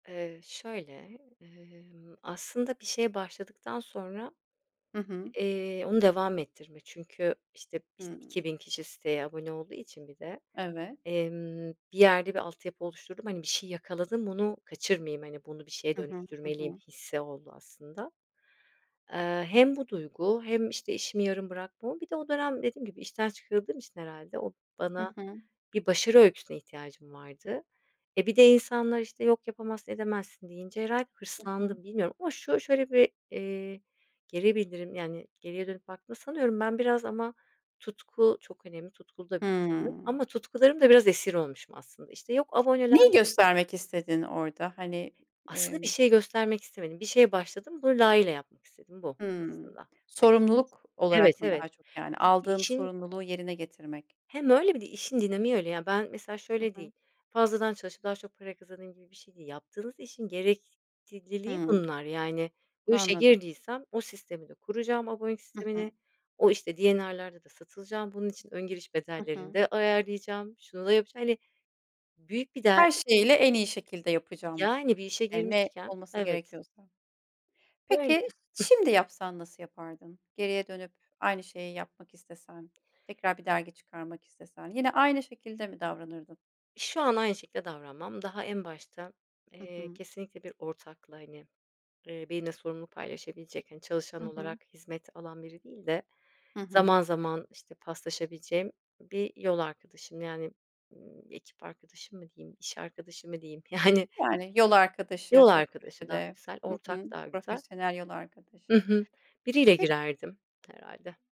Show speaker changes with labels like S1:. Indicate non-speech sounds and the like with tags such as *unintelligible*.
S1: Eee, şöyle, emm, aslında bir şeye başladıktan sonra,
S2: Hı hı.
S1: eee, onu devam ettirme çünkü işte işte,
S2: Hımm.
S1: 2000 kişi siteye abone olduğu için bir de,
S2: Evet.
S1: emm, bir yerde bir altyapı oluşturdum, hani, bir şey yakaladım bunu kaçırmayayım, hani, bunu bir şeye
S2: Hı hı, hı
S1: dönüştürmeliyim
S2: hı.
S1: hissi oldu aslında. Eee, hem bu duygu hem, işte, işimi yarım bırakmam bir de o dönem dediğim gibi işten çıkarıldığım için herhâlde o
S2: Hı
S1: bana
S2: hı.
S1: bir başarı öyküsüne ihtiyacım vardı. E, bir de insanlar, işte, yok yapamazsın edemezsin deyince herhâlde
S2: Hı hı.
S1: hırslandım. Bilmiyorum ama şu şöyle bir, eee, geri bildirim, yani, geriye dönüp baktığımda sanıyorum ben biraz ama tutku çok önemli tutkulu da bir insanım
S2: Hımm.
S1: ama tutkularımın da biraz esir olmuşum aslında, işte, yok
S2: Neyi
S1: aboneler
S2: göstermek istedin orada? Hani,
S1: Aslında bir
S2: emm
S1: şey göstermek istemedim, bir şeye başladım bunu layığıyla yapmak istedim, bu
S2: Hımm,
S1: aslında
S2: sorumluluk
S1: *unintelligible* evet,
S2: olarak mı
S1: evet,
S2: daha çok, yani,
S1: çünkü
S2: aldığım
S1: işin
S2: sorumluluğu yerine getirmek?
S1: Hem öyle bir de işin dinamiği öyle ya, ben mesela
S2: Hı
S1: şöyle
S2: hı.
S1: değil, fazladan çalışıp daha çok para kazanayım gibi bir şey değil. Yaptığınız işin gerekliliği
S2: Hımm,
S1: bunlar, yani, bu işe
S2: anladım.
S1: girdiysem o sistemi de kuracağım, abonelik
S2: Hı hı.
S1: sistemini o işte D&R'larda da satılacağım, bunun için ön giriş
S2: Hı
S1: bedellerini
S2: hı.
S1: de ayarlayacağım, şunu da yapacağım, hani, büyük bir der
S2: Her
S1: i
S2: şeyiyle en iyi şekilde yapacağım,
S1: Yani, bir işe
S2: eee, ne
S1: girmişken,
S2: olması
S1: evet
S2: gerekiyorsa. Peki,
S1: Öyle.
S2: ş şimdi yapsan nasıl yapardın? Geriye dönüp aynı şeyi yapmak istesen, tekrar bir dergi çıkarmak istesen yine aynı şekilde mi davranırdın?
S1: Şu an aynı şekilde davranmam daha en başta,
S2: Hı
S1: eee,
S2: hı.
S1: kesinlikle bir ortakla, hani, eee, benimle sorumluluk paylaşabilecek, hani,
S2: Hı
S1: çalışan
S2: hı.
S1: olarak hizmet alan biri değil de
S2: Hı hı.
S1: zaman zaman, işte, paslaşabileceğim bir yol arkadaşım. Yani, ımm, ekip arkadaşım mı diyeyim, iş arkadaşı mı diyeyim? Yani
S2: Yani, yol
S1: Yol
S2: arkadaşı o
S1: arkadaşı daha
S2: projede,
S1: güzel,
S2: hı
S1: ortak
S2: hı,
S1: daha gũzel.
S2: profesyonel yol
S1: Hı
S2: arkadaşı.
S1: hı, biriyle
S2: Pek
S1: girerdim herhâlde.